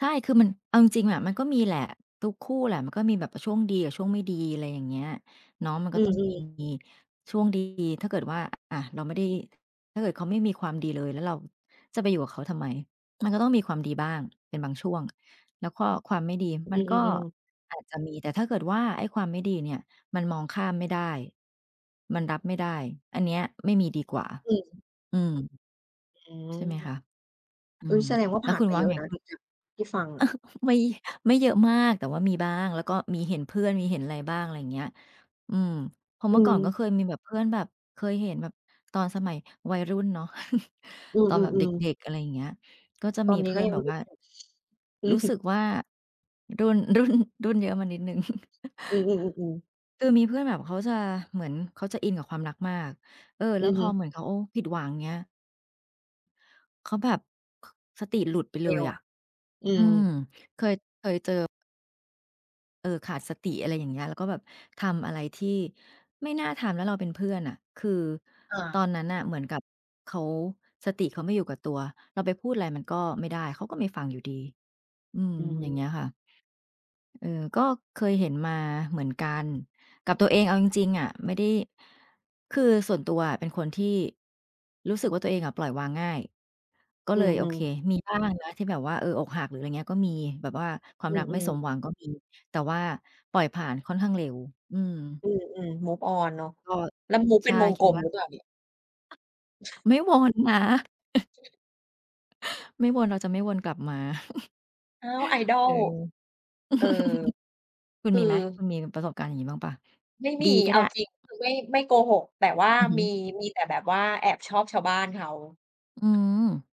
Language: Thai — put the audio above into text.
ใช่ คือ มันเอาจริง ๆ อะ มันก็มีแหละ ทุกคู่แหละ มันก็มีแบบช่วงดีกับช่วงไม่ดี อะไรอย่างเงี้ย น้องมันอกื็ต้องมี อ ๆ มี ช่วง ดี ถ้าเกิดว่า อะ เราไม่ได้ ถ้าเกิดเขาไม่มีความดีเลย แล้วเราจะไปอยู่กับเขาทำไม? มันก็ต้องมีความดีบ้าง เป็นบางช่วง แล้วก็ความไม่ดี มัอืนก็อ ๆ ๆ อาจจะมี แต่ถ้าเกิดว่าไอ้ความไม่ดีเนี่ย มันมองข้ามไม่ได้ มันรับไม่ได้ อันเนี้ยไม่มีดีกว่า อืม อืม อืม ใช่ไหมคะ? อือุ๊ย อ แสดงว่า แลผ้ว่านคุณมาว่เายอะไง? นะตรงเนี้ย ที่ฟังอะ ไม่ ไม่เยอะมาก แต่ว่ามีบ้าง แล้วก็มีเห็นเพื่อน มีเห็นอะไรบ้าง อะไรอย่างเงี้ย อืม เพราะเอมื่อืก่อนก็ม เคยมีแบบ เพื่อนแบบเคยเห็น แบบตอนสมัยวัยรุ่นเนาะ อืตอนแบบเดม ๆ ๆ ็ก ๆ อะไรอย่างเงี้ย ก็จะตมอีนนีเ้ พืก่็อนยัแงบไบม่รีว่บา เสร็จ อืรอู้ฮึ สึกว่า รุ่น รุ่น รุ่นเยอะมานิดหนึ่ง อือ ๆ ๆ ๆ คือมีเพื่อนแบบเขาจะ เหมือนเขาจะอินกับความรักมาก เออ อแลื้วอพฮอึ เหมือนเขาผิดหวัง เงี้ย เขาแบบ ค สติหลุดไปเเรล็ยว อะ อือืม ม เคย เคยเจอ เออ ขาดสติ อะไรอย่างเงี้ย แล้วก็แบบทำอะไรที่ไม่น่าทำ แล้วเราเป็นเพื่อนน่ะ คืออา ตอนนั้นน่ะเหมือนกับเขา สติเขาไม่อยู่กับตัว เราไปพูดอะไรมันก็ไม่ได้ เขาก็ไม่ฟังอยู่ดี อืม อือย่างเม งี้ยค่ะ เออ ก็เคยเห็นมาเหมือนกัน กับตัวเองเอาจริง ๆ อะ ไม่ได้ คือส่วนตัวอะเป็นคนที่ รู้สึกว่า ตัวเองอะปล่อยวางง่าย ก็อืเลยโอเค อ ๆ มีบ้างนะ ที่แบบว่า เออ อกหัก หรืออะไรอย่างนี้ก็มี แบบว่าควาอมืรักไม่อ สมๆ หวังก็มี แต่ว่าปล่อยผ่านค่อนข้างเร็ว อืม อืม ๆ move on เนาะ ก็ แล้ว move ใชเป็่ นวงคิกลดมว่หา รือเปล่าเนี่ย? ไม่วนนะ ไม่วน เราจะไม่วนกลับมา อ้าว เอIdol อ เออ คุคณืมอ ีไหม? คุณมีประสบการณ์อย่างงี้บ้างเปล่า ไม่มี ดีก็เอไาด้? จริง คือ ไม่ ไม่โกหก แต่ว่า อือฮึ มี มีแต่แบบว่าแอบชอบชาวบ้านเขา อืม